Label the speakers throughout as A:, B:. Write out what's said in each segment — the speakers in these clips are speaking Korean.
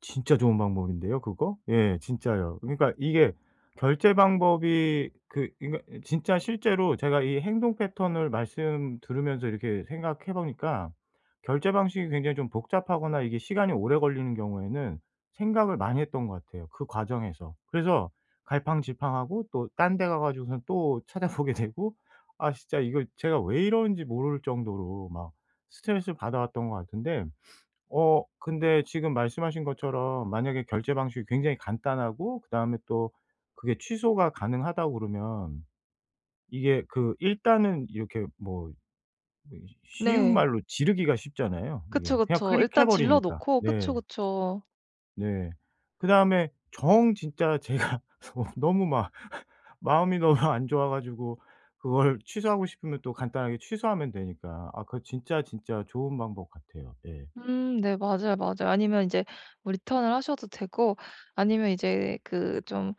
A: 진짜 좋은 방법인데요 그거? 예. 진짜요. 그러니까 이게 결제 방법이 그 그니까 진짜 실제로 제가 이 행동 패턴을 말씀 들으면서 이렇게 생각해 보니까 결제 방식이 굉장히 좀 복잡하거나 이게 시간이 오래 걸리는 경우에는 생각을 많이 했던 것 같아요 그 과정에서. 그래서 갈팡질팡하고 또 딴 데 가 가지고선 또 찾아보게 되고 아 진짜 이거 제가 왜 이러는지 모를 정도로 막 스트레스 받아왔던 것 같은데, 어 근데 지금 말씀하신 것처럼 만약에 결제 방식이 굉장히 간단하고 그다음에 또 그게 취소가 가능하다고 그러면 이게 그 일단은 이렇게 뭐 뭐지 쉬운
B: 네.
A: 말로 지르기가 쉽잖아요
B: 그쵸,
A: 이게. 그냥
B: 그쵸.
A: 클릭해
B: 일단 질러
A: 버리니까.
B: 놓고.
A: 네.
B: 그쵸, 그쵸.
A: 네. 그다음에 정 진짜 제가 너무 막 마음이 너무 안 좋아가지고 그걸 취소하고 싶으면 또 간단하게 취소하면 되니까. 아 그거 진짜, 진짜 좋은 방법 같아요. 예.
B: 음 네. 맞아요, 맞아요. 아니면 인제 리턴을 하셔도 되고 아니면 이제 그 좀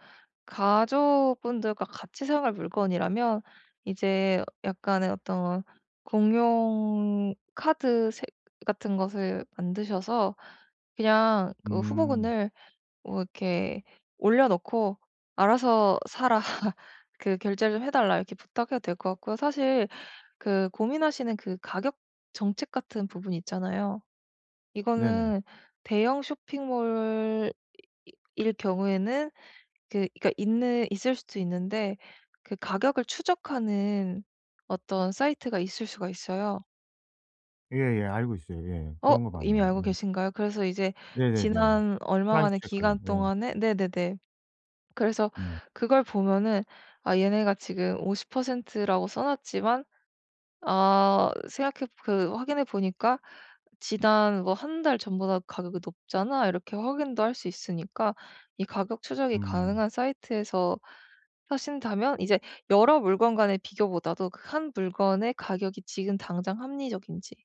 B: 가족분들과 같이 사용할 물건이라면 이제 약간의 어떤 공용 카드 새 같은 것을 만드셔서 그냥 그
A: 음.
B: 후보군을 뭐 이렇게 올려놓고 "알아서 사라." 그 "결제를 해 달라." 이렇게 부탁해도 될 것 같고요. 사실 그 고민하시는 그 가격 정책 같은 부분이 있잖아요.
A: 네네.
B: 이거는 대형 쇼핑몰 이 이 일 경우에는 그 그러니까 있는 있을 수도 있는데 그 가격을 추적하는 어떤 사이트가 있을 수가 있어요.
A: 예예. 알고 있어요. 예.
B: 어.
A: 그런 거
B: 이미
A: 맞나요.
B: 알고
A: 예.
B: 계신가요? 그래서 이제
A: 네네네.
B: 지난
A: Price
B: 얼마간의 기간
A: check.
B: 동안에 네네네. 그래서
A: 네.
B: 그걸 보면은 아 얘네가 지금 50%라고 써 놨지만 아 생각해 그 확인해 보니까 지난 뭐 1 달 전보다 가격이 높잖아 이렇게 확인도 할 수 있으니까 이 가격 추적이
A: 음.
B: 가능한 사이트에서 사신다면 이제 여러 물건간의 비교보다도 그 한 물건의 가격이 지금 당장 합리적인지